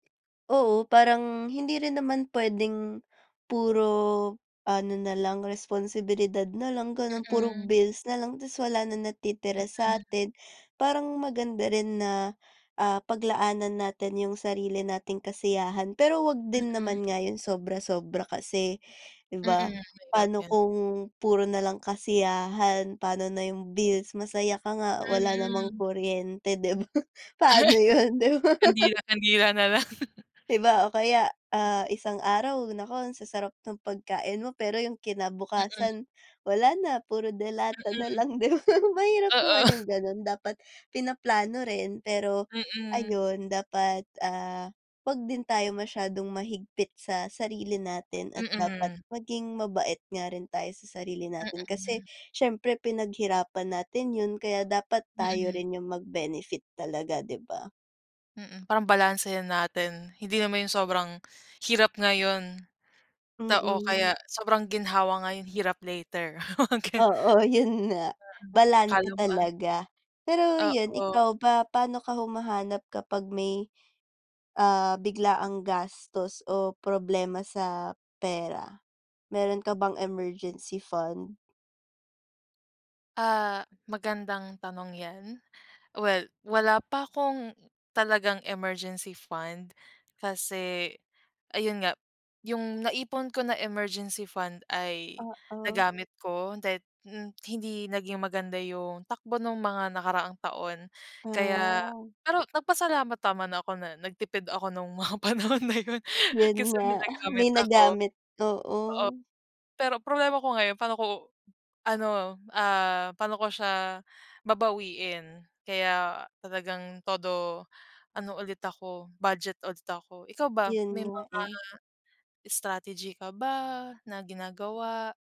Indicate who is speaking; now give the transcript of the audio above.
Speaker 1: Oo, parang, hindi rin naman puwedeng, puro, ano na lang, responsibilidad na lang, gano'n, puro
Speaker 2: Mm.
Speaker 1: bills na lang, tas wala na natitira
Speaker 2: Mm.
Speaker 1: sa'tin. Parang maganda rin na, ah, paglaanan natin yung sarili nating kasiyahan, pero huwag din
Speaker 2: Mm.
Speaker 1: naman nga, yung sobra-sobra kasi, 'di
Speaker 2: Mm,
Speaker 1: ba?
Speaker 2: mahirap
Speaker 1: Pa'no
Speaker 2: yan.
Speaker 1: kung, puro na lang kasiyahan, pa'no na yung bills, masaya ka nga, wala namang
Speaker 2: Mm.
Speaker 1: kuryente, 'di ba? Paano 'yon, 'di ba?
Speaker 2: Kandila, kandila na lang.
Speaker 1: 'Di ba, o kaya, ah, isang araw, naku, ang sasarap ng pagkain mo, pero yung
Speaker 2: Mm.
Speaker 1: kinabukasan, wala na, puro delata na
Speaker 2: Mm.
Speaker 1: lang, 'di ba? Mahirap naman
Speaker 2: Oo.
Speaker 1: yung gano'n, dapat pinaplano rin, pero,
Speaker 2: Mm.
Speaker 1: ayun, dapat, ah, huwag din tayo masyadong mahigpit sa sarili natin, at dapat
Speaker 2: Mm.
Speaker 1: maging mabait nga rin tayo sa sarili natin kasi,
Speaker 2: Mm.
Speaker 1: siyempre pinaghirapan natin 'yon, kaya dapat tayo
Speaker 2: Mm.
Speaker 1: rin yung mag-benefit talaga, 'di ba?
Speaker 2: Mm, parang balansehin natin. Hindi naman yung sobrang, hirap ngayon, ta o
Speaker 1: Mm.
Speaker 2: kaya, sobrang ginhawa ngayon, hirap later, mga gano'n.
Speaker 1: Oo, 'yon nga,
Speaker 2: Mm, akala
Speaker 1: balanse
Speaker 2: mo, ah
Speaker 1: talaga. Pero 'yon,
Speaker 2: Oo.
Speaker 1: ikaw ba, paano ka humahanap kapag may, ah, biglaang gastos o problema sa pera? Meron ka bang emergency fund?
Speaker 2: Ah, magandang tanong yan. Well, wala pa akong, talagang emergency fund, kasi, ayun nga, yung naipon ko na emergency fund, ay
Speaker 1: Oo.
Speaker 2: nagamit ko dahil mm, hindi naging maganda yung takbo no'ng mga nakaraang taon, kaya
Speaker 1: Ah.
Speaker 2: pero, nagpasalamat naman ako na, nagtipid ako no'ng, mga panahon na 'yon.
Speaker 1: 'Yon
Speaker 2: Kasi
Speaker 1: nga,
Speaker 2: may nagamit
Speaker 1: may
Speaker 2: ako.
Speaker 1: nagamit, oo.
Speaker 2: Oo, pero problema ko ngayon pa'no ko, ano, ah, pa'no ko siya, babawiin. Kaya, talagang todo, ano ulit ako, budget ulit ako. Ikaw ba,
Speaker 1: 'Yon
Speaker 2: may
Speaker 1: nga
Speaker 2: mga,
Speaker 1: eh.
Speaker 2: strategy ka ba, na ginagawa?